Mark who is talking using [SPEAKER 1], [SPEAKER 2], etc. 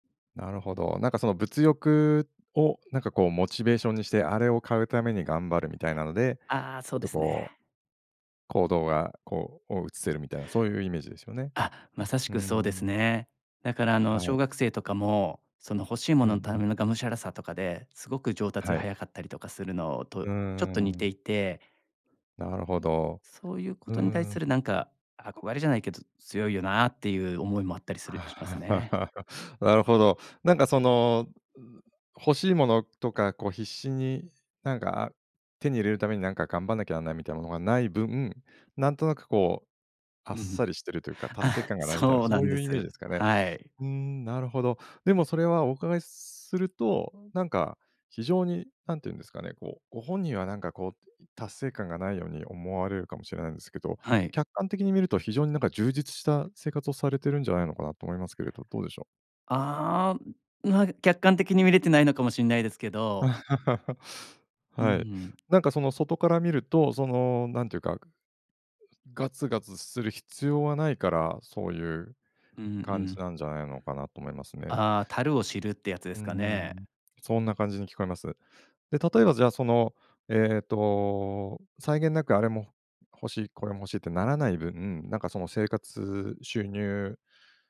[SPEAKER 1] なるほど。なんかその物欲をなんか、こう、モチベーションにして、あれを買うために頑張るみたいなので、
[SPEAKER 2] ああ、
[SPEAKER 1] ち
[SPEAKER 2] そ
[SPEAKER 1] ょ
[SPEAKER 2] う
[SPEAKER 1] っ
[SPEAKER 2] で
[SPEAKER 1] と
[SPEAKER 2] す
[SPEAKER 1] こう
[SPEAKER 2] ね。
[SPEAKER 1] 行動が、こう、お移せるみたいな、そういうイメージですよね。
[SPEAKER 2] あ、正し
[SPEAKER 1] うー
[SPEAKER 2] くそうです
[SPEAKER 1] ん。
[SPEAKER 2] ね。だから、あの、
[SPEAKER 1] はい。
[SPEAKER 2] 小学生とかもその欲しい
[SPEAKER 1] うんう
[SPEAKER 2] 物のた
[SPEAKER 1] ん。
[SPEAKER 2] めのがむしゃらさとかで、すごく上達が
[SPEAKER 1] はい。
[SPEAKER 2] 早かったりとかするの、と
[SPEAKER 1] うー
[SPEAKER 2] ちょっと似て
[SPEAKER 1] ん。
[SPEAKER 2] いて
[SPEAKER 1] なるほど、
[SPEAKER 2] そういうこ
[SPEAKER 1] うー
[SPEAKER 2] とに対
[SPEAKER 1] ん。
[SPEAKER 2] するなんか、憧れじゃないけどつ強いよなっていう思いもあったりするしますね。
[SPEAKER 1] なるほど。なんかその、ん欲しいものとか、こう、必死になんか手に入れるためになんか頑張んなきゃなんないみたいなものがない分、なんとなく、こう、あっ
[SPEAKER 2] ん
[SPEAKER 1] さりしてるという
[SPEAKER 2] ふ、
[SPEAKER 1] か達成
[SPEAKER 2] あ、
[SPEAKER 1] 感がないみたいな
[SPEAKER 2] そう
[SPEAKER 1] そ
[SPEAKER 2] な
[SPEAKER 1] う
[SPEAKER 2] ん
[SPEAKER 1] い
[SPEAKER 2] で
[SPEAKER 1] うイメージで
[SPEAKER 2] す。
[SPEAKER 1] すかね。
[SPEAKER 2] はい。
[SPEAKER 1] ふーん、なるほど。でもそれはお伺いするとなんか非常に何て言うんですかね、こう、ご本人はなんか、こう、ん、ん、達成感がないように思われるかもしれないんですけど、
[SPEAKER 2] はい。
[SPEAKER 1] 客観的に見ると非常になんか充実した生活をされてるんじゃないのかなと思いますけれど、どうでしょう？
[SPEAKER 2] ああ、ま、客観的に見れてないのかもしんないですけど。うんう
[SPEAKER 1] はい。
[SPEAKER 2] ん。
[SPEAKER 1] なんかその外から見ると、その何て言うかそうですガツガツする必要はないから、そういう
[SPEAKER 2] うんう
[SPEAKER 1] 感じ
[SPEAKER 2] ん。
[SPEAKER 1] なんじゃないのかなと思いますね。
[SPEAKER 2] ああ、足るを知るってやつで
[SPEAKER 1] うー
[SPEAKER 2] すかね。
[SPEAKER 1] ん、そんな感じに聞こえます。で、例えば、じゃあその、えっと、際限なくあれも欲しいこれも欲しいってならない分なんかその生活、収入